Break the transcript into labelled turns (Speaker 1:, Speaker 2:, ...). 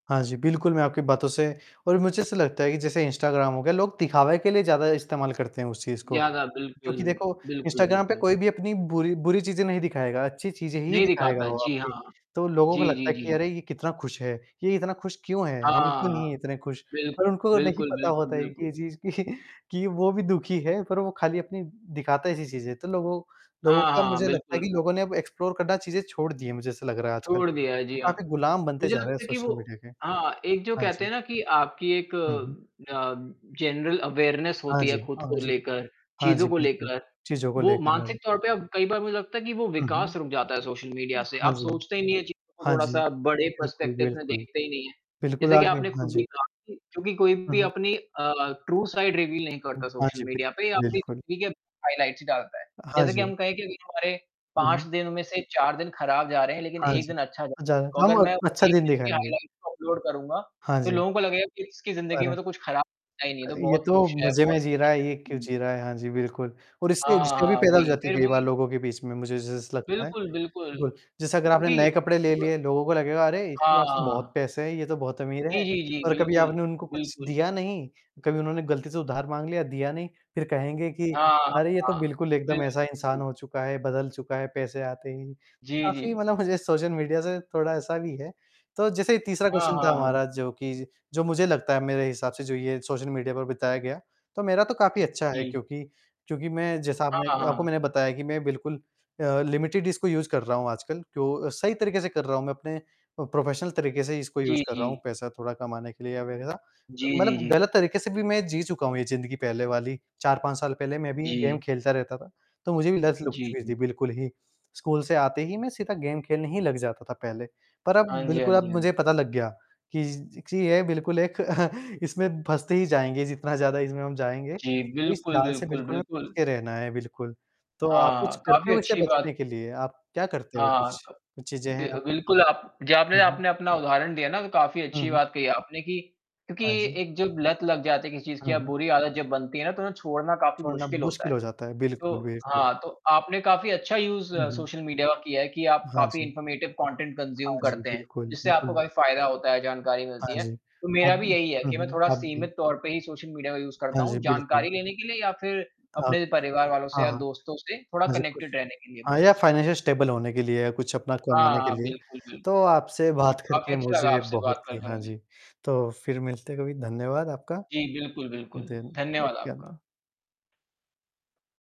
Speaker 1: हाँ जी, बिल्कुल, मैं आपकी बातों से और मुझे ऐसा लगता है कि जैसे इंस्टाग्राम हो गया, लोग दिखावे के लिए ज़्यादा इस्तेमाल करते हैं उस चीज़ को।
Speaker 2: ज़्यादा बिल्कुल।
Speaker 1: क्योंकि देखो,
Speaker 2: बिल्कुल,
Speaker 1: इंस्टाग्राम पे
Speaker 2: बिल्कुल।
Speaker 1: कोई भी अपनी बुरी बुरी चीज़ें नहीं दिखाएगा, अच्छी चीज़ें ही
Speaker 2: नहीं दिखाता
Speaker 1: दिखाएगा
Speaker 2: है,
Speaker 1: वो
Speaker 2: जी
Speaker 1: आपके।
Speaker 2: हाँ।
Speaker 1: तो लोगों को
Speaker 2: जी,
Speaker 1: लगता
Speaker 2: जी,
Speaker 1: है कि
Speaker 2: जी।
Speaker 1: अरे! ये कितना खुश है, ये इतना खुश क्यों है, हम क्यों
Speaker 2: हाँ।
Speaker 1: नहीं हैं इतने खुश?
Speaker 2: बिल्क
Speaker 1: पर उनको नहीं
Speaker 2: बिल्कुल,
Speaker 1: पता
Speaker 2: बिल्कुल,
Speaker 1: होता है कि ये
Speaker 2: बिल्कुल।
Speaker 1: चीज़ कि कि, वो भी दुखी है पर वो खाली अपनी दिखाता ऐसी चीज़ें। तो लोगों, लोगों
Speaker 2: हाँ,
Speaker 1: का
Speaker 2: हाँ,
Speaker 1: मुझे लगता है कि
Speaker 2: बिल्कुल।
Speaker 1: लोगों ने अब एक्सप्लोर करना चीज़ें छोड़ दी है, मुझे ऐसा लग रहा है आजकल।
Speaker 2: छोड़ दिया है, जी हाँ।
Speaker 1: काफ़ी गुलाम बनते
Speaker 2: मुझे
Speaker 1: जा रहे हैं
Speaker 2: लगता है कि
Speaker 1: सोशल
Speaker 2: वो
Speaker 1: मीडिया के।
Speaker 2: हाँ, एक जो
Speaker 1: हाँ
Speaker 2: कहते
Speaker 1: जी।
Speaker 2: हैं ना कि आपकी एक
Speaker 1: हुँ, हुँ।
Speaker 2: अ, जनरल अवेयरनेस
Speaker 1: हाँ
Speaker 2: होती है
Speaker 1: जी,
Speaker 2: खुद
Speaker 1: हाँ
Speaker 2: को
Speaker 1: जी।
Speaker 2: लेकर,
Speaker 1: हाँ जी,
Speaker 2: चीज़ों को
Speaker 1: बिल्कुल।
Speaker 2: लेकर।
Speaker 1: चीज़ों को
Speaker 2: वो
Speaker 1: लेकर आज।
Speaker 2: मानसिक तौर पे अब कई बार मुझे लगता है कि वो
Speaker 1: हुँ, हुँ।
Speaker 2: विकास रुक जाता है सोशल मीडिया से।
Speaker 1: हाँ
Speaker 2: आप
Speaker 1: जी।
Speaker 2: सोचते ही नहीं है चीज़ों को
Speaker 1: हाँ जी।
Speaker 2: थोड़ा-सा बड़े
Speaker 1: बिल्कुल,
Speaker 2: पर्सपेक्टिव में
Speaker 1: बिल्कुल।
Speaker 2: देखते ही नहीं है।
Speaker 1: बिल्कुल
Speaker 2: जैसे कि
Speaker 1: आगे
Speaker 2: आपने
Speaker 1: हाँ
Speaker 2: खुद
Speaker 1: जी।
Speaker 2: भी कहा था कि क्योंकि कोई
Speaker 1: हुँ,
Speaker 2: भी
Speaker 1: हुँ।
Speaker 2: अपनी अ, ट्रू साइड रिवील नहीं करता
Speaker 1: हाँ
Speaker 2: सोशल
Speaker 1: जी, बि
Speaker 2: मीडिया पे या अपनी
Speaker 1: बिल्कुल।
Speaker 2: हकीकत हाइलाइट्स डालता है।
Speaker 1: हाँ
Speaker 2: जैसे कि
Speaker 1: जी।
Speaker 2: हम कहें कि अभी जो हमारे,
Speaker 1: हुँ,
Speaker 2: 5
Speaker 1: हुँ।
Speaker 2: दिनों में से 4 दिन खराब जा रहे हैं लेकिन
Speaker 1: हाँ
Speaker 2: 1
Speaker 1: जी।
Speaker 2: दिन अच्छा जा
Speaker 1: अ, जा रहा
Speaker 2: को
Speaker 1: तो
Speaker 2: अगर
Speaker 1: हम
Speaker 2: मैं
Speaker 1: अच्छा
Speaker 2: 1
Speaker 1: दिन
Speaker 2: दिन की
Speaker 1: दिखाएँगे।
Speaker 2: हाइलाइट्स अपलोड करूँगा,
Speaker 1: हाँ
Speaker 2: तो
Speaker 1: जी।
Speaker 2: लोगों को लगेगा कि इसकी ज़िंदगी
Speaker 1: अरे!
Speaker 2: में तो कुछ खराब होता ही नहीं,
Speaker 1: अ,
Speaker 2: ये तो
Speaker 1: ये
Speaker 2: बहुत
Speaker 1: तो
Speaker 2: खुश है,
Speaker 1: मज़े
Speaker 2: बहुत
Speaker 1: में जी रहा
Speaker 2: खुश
Speaker 1: है,
Speaker 2: है,
Speaker 1: ये क्यों
Speaker 2: हुँ।
Speaker 1: जी रहा है? हाँ जी बिल्कुल। और इससे
Speaker 2: हाँ,
Speaker 1: [unintelligible] भी
Speaker 2: हाँ,
Speaker 1: पैदा हो
Speaker 2: वही,
Speaker 1: जाती है
Speaker 2: फिर
Speaker 1: कई बार
Speaker 2: वही
Speaker 1: लोगों के बीच में मुझे जै जैसा लगता है।
Speaker 2: बिल्कुल, बिल्कुल।
Speaker 1: कुछ जैसा अगर आपने
Speaker 2: क्योंकि
Speaker 1: नए कपड़े ले
Speaker 2: ब
Speaker 1: लिए, लोगों को लगेगा अरे! इसके पास तो बहुत
Speaker 2: हाँ।
Speaker 1: पैसे हैं, ये तो बहुत अमीर है।
Speaker 2: जी, जी, जी,
Speaker 1: पर कभी
Speaker 2: बिल्कुल।
Speaker 1: आपने उनको कुछ
Speaker 2: बिल्कुल।
Speaker 1: दिया नहीं, कभी उन्होंने गलती से उधार माँग लिया, दिया नहीं, फिर कहेंगे कि,
Speaker 2: हाँ, हाँ,
Speaker 1: अरे! ये तो
Speaker 2: हाँ।
Speaker 1: बिल्कुल एकदम ऐसा इंसान
Speaker 2: बिल्कुल।
Speaker 1: हो चुका है, बदल चुका है पैसे आते ही,
Speaker 2: जी,
Speaker 1: काफ़ी
Speaker 2: जी।
Speaker 1: मतलब मुझे सोशल मीडिया से थोड़ा ऐसा भी है। तो जैसे तीसरा
Speaker 2: हाँ,
Speaker 1: क्वेश्चन था
Speaker 2: हाँ, हाँ।
Speaker 1: हमारा जो कि ज जो मुझे लगता है मेरे हिसाब से जो ये सोशल मीडिया पर बिताया गया। तो मेरा तो काफ़ी अच्छा है
Speaker 2: जी।
Speaker 1: क्योंकि, क्योंकि मैं जैसा
Speaker 2: हाँ
Speaker 1: आपने
Speaker 2: हाँ,
Speaker 1: आपको
Speaker 2: हाँ।
Speaker 1: मैंने बताया कि मैं बिल्कुल अ, लिमिटेड इसको यूज़ कर रहा हूँ आजकल। क्यों सही तरीके से कर रहा हूँ मैं अपने अ, प्रोफेशनल तरीके से इसको यूज़
Speaker 2: जी,
Speaker 1: कर रहा हूँ
Speaker 2: जी।
Speaker 1: पैसा थोड़ा कमाने के लिए या वगैरह। अ,
Speaker 2: जी, जी,
Speaker 1: मतलब
Speaker 2: जी।
Speaker 1: गलत तरीके से भी मैं जी चुका हूँ ये ज़िंदगी पहले वाली, 4-5 साल पहले मैं भी गेम
Speaker 2: जी।
Speaker 1: खेलता रहता था, तो मुझे भी लत लग
Speaker 2: जी,
Speaker 1: चुकी थी
Speaker 2: जी।
Speaker 1: बिल्कुल ही। स्कूल से आते ही मैं सीधा गेम खेलने ही लग जाता था पहले। पर अब
Speaker 2: हाँ जी, हाँ
Speaker 1: बिल्कुल
Speaker 2: जी,
Speaker 1: अब
Speaker 2: हाँ
Speaker 1: मुझे
Speaker 2: जी।
Speaker 1: पता लग गया, कि ज कि यह बिल्कुल एक इसमें फँसते ही जाएँगे जितना ज़्यादा इसमें हम जाएँगे,
Speaker 2: जी,
Speaker 1: इस
Speaker 2: बिल्कुल,
Speaker 1: जाल से
Speaker 2: बिल्कुल,
Speaker 1: बिल्कुल हमें बच
Speaker 2: बिल्कुल।
Speaker 1: के रहना है, बिल्कुल। तो आप कुछ
Speaker 2: हाँ,
Speaker 1: करते
Speaker 2: काफ़ी
Speaker 1: हो इसे
Speaker 2: अच्छी बात
Speaker 1: बचने के लिए? आप क्या करते हो
Speaker 2: हाँ,
Speaker 1: कुछ
Speaker 2: क
Speaker 1: चीज़ें हैं
Speaker 2: दे अ,
Speaker 1: आप?
Speaker 2: बिल्कुल आप जी आपने
Speaker 1: हुँ, हुँ।
Speaker 2: आपने अपना उदाहरण दिया ना तो काफ़ी
Speaker 1: हुँ,
Speaker 2: अच्छी
Speaker 1: हुँ।
Speaker 2: बात कही आपने कि, क्योंकि
Speaker 1: हाँ जी।
Speaker 2: एक जब लत लग जाती है किसी चीज़ की
Speaker 1: हुँ,
Speaker 2: या
Speaker 1: हुँ।
Speaker 2: बुरी आदत जब बनती है ना तो उन्हें छोड़ना काफ़ी
Speaker 1: छोड़ना
Speaker 2: मुश्किल होता
Speaker 1: मुश्किल
Speaker 2: है।
Speaker 1: हो जाता है। बिल्कुल,
Speaker 2: तो,
Speaker 1: बिल्कुल।
Speaker 2: हाँ तो आपने काफ़ी अच्छा यूज़
Speaker 1: हुँ, हुँ।
Speaker 2: सोशल मीडिया का किया है कि आप
Speaker 1: हाँ
Speaker 2: काफ़ी
Speaker 1: जी।
Speaker 2: इन्फॉर्मेटिव कंटेंट कंज़्यूम
Speaker 1: हाँ जी,
Speaker 2: करते हैं,
Speaker 1: बिल्कुल,
Speaker 2: जिससे आपको
Speaker 1: बिल्कुल।
Speaker 2: काफ़ी फ़ायदा होता है, जानकारी
Speaker 1: हाँ
Speaker 2: मिलती है।
Speaker 1: जी।
Speaker 2: तो मेरा भी
Speaker 1: अब
Speaker 2: यही है
Speaker 1: हुँ,
Speaker 2: कि मैं
Speaker 1: हुँ,
Speaker 2: थोड़ा
Speaker 1: आप भी।
Speaker 2: सीमित तौर पे ही सोशल मीडिया का यूज़ करता
Speaker 1: हाँ जी,
Speaker 2: हूँ,
Speaker 1: बिल्कुल।
Speaker 2: जानकारी लेने के लिए या फिर
Speaker 1: हाँ,
Speaker 2: अपने
Speaker 1: कुछ
Speaker 2: परिवार वालों से
Speaker 1: हाँ,
Speaker 2: या
Speaker 1: हाँ।
Speaker 2: दोस्तों से थोड़ा
Speaker 1: हाँ जी, कुछ
Speaker 2: कनेक्टेड रहने के लिए
Speaker 1: हाँ, या
Speaker 2: बस।
Speaker 1: फाइनेंशियल स्टेबल होने के लिए या कुछ अपना
Speaker 2: हाँ,
Speaker 1: कमाने के
Speaker 2: हाँ,
Speaker 1: लिए।
Speaker 2: बिल्कुल, बिल्कुल।
Speaker 1: तो आपसे बात
Speaker 2: काफ़ी
Speaker 1: करके
Speaker 2: अच्छा लगा
Speaker 1: मुझे
Speaker 2: आपसे
Speaker 1: बहुत
Speaker 2: बात
Speaker 1: ही
Speaker 2: करके
Speaker 1: हाँ
Speaker 2: मुझे।
Speaker 1: जी। तो फिर मिलते हैं कभी, धन्यवाद आपका।
Speaker 2: जी, बिल्कुल, बिल्कुल।
Speaker 1: दिन
Speaker 2: धन्यवाद
Speaker 1: [unintelligible]
Speaker 2: आपका।
Speaker 1: आना।